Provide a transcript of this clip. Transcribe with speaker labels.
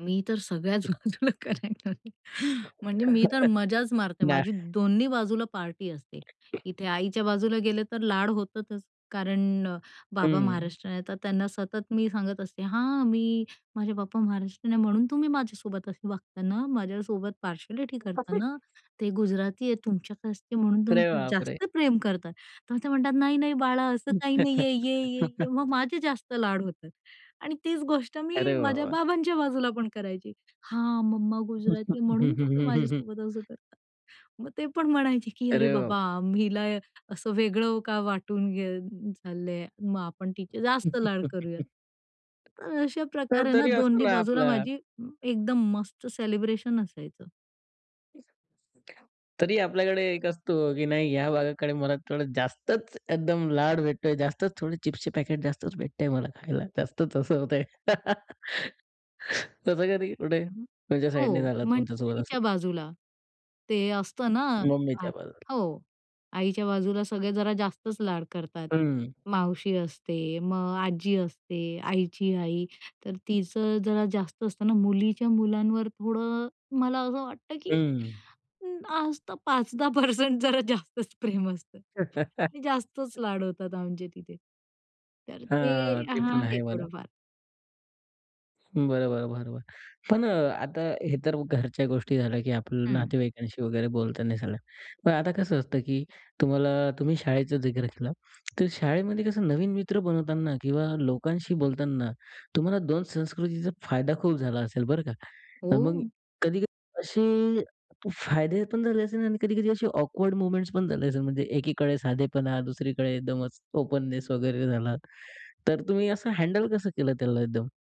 Speaker 1: मी तर सगळ्याच बाजूला करायची. म्हणजे मी तर मजाच मारते.
Speaker 2: नाही.
Speaker 1: माझी दोन्ही बाजूला पार्टी असते. इथे आईच्या बाजूला गेले, तर लाड होतातच. कारण अ, बाबा
Speaker 2: हं.
Speaker 1: महाराष्ट्रीयन आहेत. तर त्यांना सतत मी सांगत असते. "हां, मी माझे पापा महाराष्ट्रीयन आहे, म्हणून तुम्ही माझ्यासोबत असे वागता ना. माझ्यासोबत पार्शलिटी करता
Speaker 2: [unintelligible]
Speaker 1: ना. ते गुजराती आहे, तुमच्याकडे असते म्हणून तुम्ही
Speaker 2: अरे,
Speaker 1: त
Speaker 2: बापरे!
Speaker 1: जास्त प्रेम करताय." तर ते म्हणतात, "नाही नाही बाळा. असं काही नाहीये. ये, ये, ये." मग माझे जास्त लाड होतात आणि तीच गोष्ट मी
Speaker 2: अरे, वाह,
Speaker 1: माझ्या
Speaker 2: वाह!
Speaker 1: बाबांच्या बाजूला पण करायची. "हां, मम्मा गुजराती आहे. म्हणून
Speaker 2: हं, हं,
Speaker 1: तुम्ही
Speaker 2: हं, हं, हं.
Speaker 1: माझ्यासोबत असं करता." मग ते पण म्हणायचे की, "अरे,
Speaker 2: अरे बापर
Speaker 1: बाबा आम्ही हिला अ, असं वेगळं का वाटून ग चाललंय. मग आपण तिचे जास्त लाड करूयात." तर अशा
Speaker 2: तर
Speaker 1: प्रकारे ना
Speaker 2: तरी असतं
Speaker 1: दोन्ही
Speaker 2: ना
Speaker 1: बाजूला
Speaker 2: आपला.
Speaker 1: माझी एकदम मस्त सेलिब्रेशन असायचं.
Speaker 2: तरी आपल्याकडे एक असतो की नाही ह्या भागाकडे मला थोडं जास्तच एकदम लाड भेटतोय, जास्तच थोडं चिप्सचे पॅकेट जास्तच भेटतंय, मला खायला जास्तच असं होतंय. तसं कधी कुठे तुमच्या साइडनी
Speaker 1: हो,
Speaker 2: झाला
Speaker 1: म्हणजे
Speaker 2: तुमच्यासोबत असं?
Speaker 1: आईच्या बाजूला. ते असतं ना
Speaker 2: मम्मीच्या
Speaker 1: हां,
Speaker 2: बाजूला.
Speaker 1: हो. आईच्या बाजूला सगळे जरा जास्तच लाड करतात.
Speaker 2: हम्म.
Speaker 1: मावशी असते, मग आजी असते. आईची आई. तर तिचं जरा जास्त असतं ना मुलीच्या मुलांवर थोडं मला असं वाटतं की
Speaker 2: हम्म.
Speaker 1: अ, आज तर 5-10% जरा जास्तचं प्रेम असतं. ते जास्तचं लाड होतात आमचे तिथे. तर ते
Speaker 2: हां, ते
Speaker 1: हां,
Speaker 2: पण
Speaker 1: आहे
Speaker 2: आहे म्हणा.
Speaker 1: थोडंफार.
Speaker 2: बरं, बरं, बरं, बरं. पण अ, आता हे तर घरच्या गोष्टी झाल्या की आपल्या
Speaker 1: हं.
Speaker 2: नातेवाईकांशी वगैरे बोलताना हे सगळ्या. पण आता कसं असतं की तुम्हाला तुम्ही शाळेचं जिकर केला. तर शाळेमध्ये कसं नवीन मित्र बनवताना किंवा लोकांशी बोलतांना तुम्हाला 2 संस्कृतीचा फायदा खूप झाला असेल बरं का. अ, मग
Speaker 1: हो.
Speaker 2: कधी-कधी असे फायदे पण झाले असेल आणि कधी-कधी असे ऑकवर्ड मोमेंट्स पण झाले असेल म्हणजे एकीकडे साधेपणा दुसरीकडे एकदमच ओपननेस वगैरे झाला. तर तुम्ही असं हँडल कसं केलं त्याला एकदम?